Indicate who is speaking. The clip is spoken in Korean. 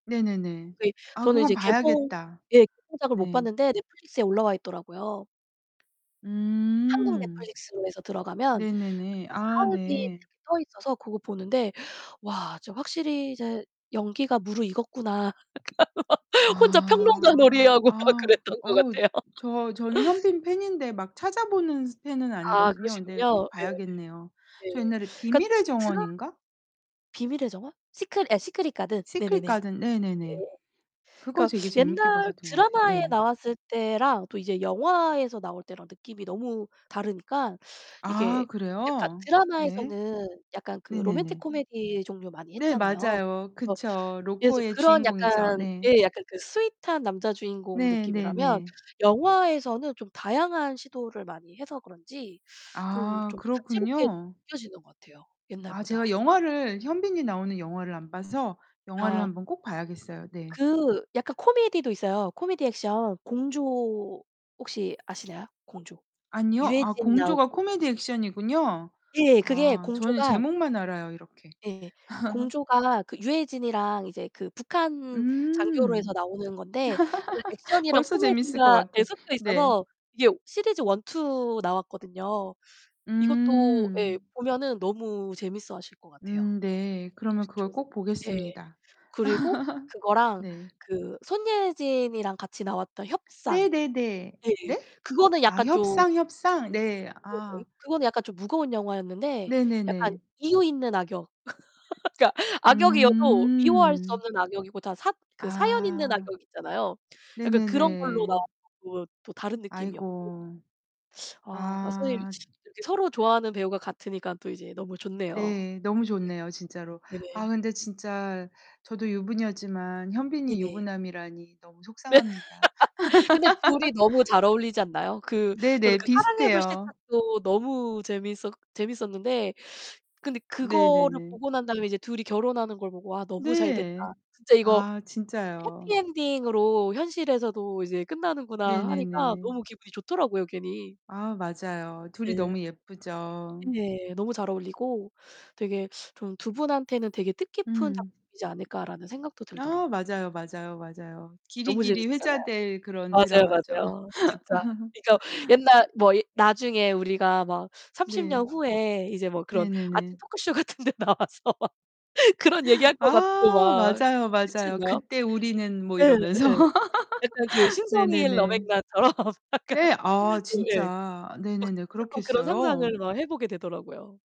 Speaker 1: 네네네.
Speaker 2: 그 이
Speaker 1: 아
Speaker 2: 저는
Speaker 1: 그건
Speaker 2: 이제 개봉
Speaker 1: 봐야겠다.
Speaker 2: 예 개봉작을 못
Speaker 1: 네.
Speaker 2: 봤는데 Netflix에 올라와 있더라고요. 한국
Speaker 1: 음.
Speaker 2: Netflix로 해서 들어가면 그
Speaker 1: 네네네. 아
Speaker 2: 하얼빈
Speaker 1: 네.
Speaker 2: 떠 있어서 그거 보는데 '와 진짜 확실히 이제 연기가 무르익었구나.' 막 혼자 평론가
Speaker 1: 아.
Speaker 2: 놀이하고 막
Speaker 1: 아.
Speaker 2: 그랬던 것
Speaker 1: 어우.
Speaker 2: 같아요.
Speaker 1: 저 저는 현빈 팬인데 막 찾아보는 스 팬은
Speaker 2: 아.
Speaker 1: 아니거든요. 근데
Speaker 2: 그러시군요.
Speaker 1: 꼭 봐야겠네요.
Speaker 2: 예예예.
Speaker 1: 저
Speaker 2: 예.
Speaker 1: 옛날에
Speaker 2: 그러니까
Speaker 1: 비밀의
Speaker 2: [unintelligible]
Speaker 1: 정원인가?
Speaker 2: 비밀의 정원? 시크릿 예 시크릿 가든
Speaker 1: 시크릿
Speaker 2: 네네네.
Speaker 1: 가든 네네네.
Speaker 2: 예예.
Speaker 1: 그거
Speaker 2: 그니까
Speaker 1: 되게 재밌게
Speaker 2: 옛날
Speaker 1: 봤었던 것 같아요.
Speaker 2: 드라마에
Speaker 1: 네.
Speaker 2: 나왔을 때랑 또 이제 영화에서 나올 때랑 느낌이 너무 다르니까 이게
Speaker 1: 아
Speaker 2: 약간
Speaker 1: 그래요? 네.
Speaker 2: 드라마에서는 약간 그 로맨틱
Speaker 1: 네네네.
Speaker 2: 코미디 종류 많이
Speaker 1: 네,
Speaker 2: 했잖아요.
Speaker 1: 맞아요.
Speaker 2: 그래서
Speaker 1: 그쵸.
Speaker 2: 예
Speaker 1: 로코의
Speaker 2: 그런
Speaker 1: 주인공이죠.
Speaker 2: 약간
Speaker 1: 네.
Speaker 2: 예 약간 그 스윗한 남자 주인공
Speaker 1: 네
Speaker 2: 느낌이라면
Speaker 1: 네네.
Speaker 2: 영화에서는 좀 다양한 시도를 많이 해서 그런지 좀
Speaker 1: 아.
Speaker 2: 좀 다채롭게
Speaker 1: 그렇군요.
Speaker 2: 느껴지는 것 같아요,
Speaker 1: 아 제가
Speaker 2: 옛날보다. 예.
Speaker 1: 영화를 현빈이 나오는 영화를 영화를
Speaker 2: 아.
Speaker 1: 한번 꼭 봐야겠어요. 네.
Speaker 2: 그 약간 코미디도 있어요. 코미디 액션 공조 혹시 아시나요 공조?
Speaker 1: 아니요. 아
Speaker 2: 유해진
Speaker 1: 공조가
Speaker 2: 나오고
Speaker 1: 코미디 액션이군요.
Speaker 2: 예, 그게
Speaker 1: 아. 저는
Speaker 2: 공조가
Speaker 1: 제목만 알아요, 이렇게.
Speaker 2: 예예. 공조가 그 유해진이랑 이제 그 북한 장교로 해서
Speaker 1: 음.
Speaker 2: 나오는 건데 약간 액션이랑
Speaker 1: 벌써 재밌을 것
Speaker 2: 코미디가 예
Speaker 1: 같아. 네.
Speaker 2: 섞여있어서 이게 시리즈 1, 2 나왔거든요. 이것도 예
Speaker 1: 음.
Speaker 2: 보면은 너무 재밌어 하실 것 같아요.
Speaker 1: 음 네. 그러면 그걸
Speaker 2: [unintelligible]
Speaker 1: 꼭
Speaker 2: 예.
Speaker 1: 보겠습니다.
Speaker 2: 그리고 그거랑
Speaker 1: 네.
Speaker 2: 그 손예진이랑 같이 나왔던 협상.
Speaker 1: 네네네.
Speaker 2: 예예.
Speaker 1: 네?
Speaker 2: 그거는
Speaker 1: 아
Speaker 2: 약간 좀
Speaker 1: 협상 협상. 네.
Speaker 2: 예예.
Speaker 1: 아.
Speaker 2: 그건 약간 좀 무거운 영화였는데 약간
Speaker 1: 네네네.
Speaker 2: 이유 있는 악역 그러니까 악역이어도 미워할 수
Speaker 1: 음.
Speaker 2: 없는 악역이고 다 사 그 사연 있는
Speaker 1: 아.
Speaker 2: 악역이 있잖아요. 약간 그런 걸로
Speaker 1: 네네네.
Speaker 2: 나왔고 또 다른 느낌이었고
Speaker 1: 아이고.
Speaker 2: 아. 선생님
Speaker 1: 아.
Speaker 2: 이렇게 서로 좋아하는 배우가 같으니까 또 이제 너무 좋네요.
Speaker 1: 네. 너무 좋네요, 진짜로.
Speaker 2: 네.
Speaker 1: 아
Speaker 2: 네네.
Speaker 1: 근데 진짜 저도 유부녀지만 현빈이
Speaker 2: 네네.
Speaker 1: 유부남이라니 너무
Speaker 2: 네.
Speaker 1: 속상합니다.
Speaker 2: 근데 둘이 너무 잘 어울리지 않나요? 그 저는
Speaker 1: 네네.
Speaker 2: 그 사랑의
Speaker 1: 비슷해요.
Speaker 2: 불시착도 너무 재밌었 재밌었는데 근데 그거를
Speaker 1: 네네네.
Speaker 2: 보고 난 다음에 이제 둘이 결혼하는 걸 보고 '와, 너무 잘 됐다.
Speaker 1: 네.
Speaker 2: 진짜 이거
Speaker 1: 아
Speaker 2: 해피
Speaker 1: 진짜요.
Speaker 2: 엔딩으로 현실에서도 이제 끝나는구나.' 하니까
Speaker 1: 네네네.
Speaker 2: 너무 기분이 좋더라고요, 괜히.
Speaker 1: 아 맞아요. 둘이
Speaker 2: 네.
Speaker 1: 너무 예쁘죠.
Speaker 2: 네. 너무 잘 어울리고 되게 좀 '2 분한테는 되게 뜻깊은
Speaker 1: 음.
Speaker 2: 작품이지 않을까.'라는 생각도 들더라고.
Speaker 1: 아 맞아요, 맞아요, 맞아요.
Speaker 2: 너무
Speaker 1: 길이길이
Speaker 2: 재밌었잖아요.
Speaker 1: 회자될 그런
Speaker 2: 맞아요,
Speaker 1: 드라마죠.
Speaker 2: 맞아요. 진짜. 그니까 옛날 뭐 이 나중에 우리가 막 30
Speaker 1: 네.
Speaker 2: 년 후에 이제 뭐 그런 아침
Speaker 1: 네네네.
Speaker 2: 토크쇼 같은 데 나와서 막 그런 얘기 할 것
Speaker 1: 아.
Speaker 2: 같고 막 그
Speaker 1: 맞아요,
Speaker 2: 그치
Speaker 1: 맞아요.
Speaker 2: 않나요?
Speaker 1: '그때 우리는' 뭐
Speaker 2: 예
Speaker 1: 이러면서.
Speaker 2: 예. 약간 그 신성일,
Speaker 1: 네네네.
Speaker 2: 엄앵란 처럼 약간
Speaker 1: 네. 아
Speaker 2: 예.
Speaker 1: 진짜.
Speaker 2: 막
Speaker 1: 네네네.
Speaker 2: 자꾸 그런
Speaker 1: 그렇겠어요.
Speaker 2: 상상을 막 해보게 되더라고요.